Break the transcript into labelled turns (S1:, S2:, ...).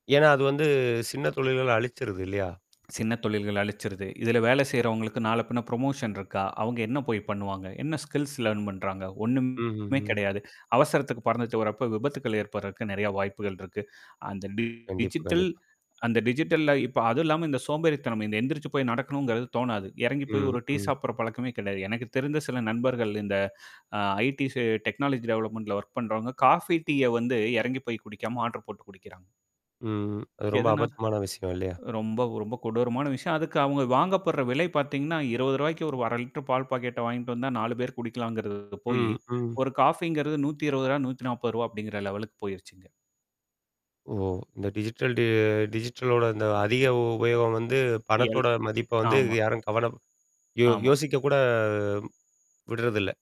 S1: ஏன்னா அது வந்து சின்ன தொழில்கள்ள அழிச்சுருது இல்லையா?
S2: சின்ன தொழில்கள் அழிச்சிருது. இதுல வேலை செய்றவங்களுக்கு நாளை பின்ன புரமோஷன் இருக்கா? அவங்க என்ன போய் பண்ணுவாங்க? என்ன ஸ்கில்ஸ் லேர்ன் பண்றாங்க?
S1: ம்ஹ்ம்
S2: ஒண்ணும்மே
S1: ம்.
S2: கெடையாது. அவசரத்துக்கு பறந்துட்டு வர்றப்ப விபத்துக்கள் ஏற்படுர்றதுக்கு நெறைய வாய்ப்புகள் இருக்கு. அந்த டி
S1: கண்டிப்பா,
S2: டிஜிட்டல்
S1: கண்டிப்பா.
S2: அந்த டிஜிட்டல்ல இப்ப அதுவும் இல்லாம இந்த சோம்பேறித்தனம் இந்த எந்திரிச்சு போய் நடக்கணுங்கிறது தோணாது. எறங்கி போய்
S1: ம்
S2: ஒரு டீ
S1: ம்.
S2: சாப்பிடுற பழக்கமே கிடையாது. எனக்கு தெரிந்த சில நண்பர்கள் இந்த அ ஐடிசி டெக்னாலஜி டெவலப்மெண்ட்ல வொர்க் பண்றவங்க, காஃபி டீய வந்து இறங்கி போய் குடிக்காம ஆர்டர் போட்டு குடிக்கிறாங்க.
S1: ம். அது ரொம்ப
S2: எதனால?
S1: அபத்தமான விஷயம் இல்லையா?
S2: ரொம்ப, ரொம்ப கொடூரமான விஷயம். அதுக்கு அவுங்க வாங்கப்படுற விலை பார்த்தீங்கன்னா ரூ. 20 ஒரு 1/2 லிட்டர் பால் பாக்கெட்ட வாங்கிட்டு வந்தா 4 பேர் குடிக்கலாங்கிறது போயி,
S1: ம் ம்.
S2: ஒரு காஃபிங்கிறது 120, 140 அப்படிங்கிற லெவலுக்கு போயிருச்சுங்க.
S1: ஓ! இந்த டிஜிட்டல் டி டிஜிட்டலோட இந்த அதிக உபயோகம் வந்து
S2: எல்
S1: பணத்தோட மதிப்ப வந்து
S2: ஆமா.
S1: யாரும் கவனப் யோ
S2: ஆமா.
S1: யோசிக்கக்கூட விட்றதில்ல.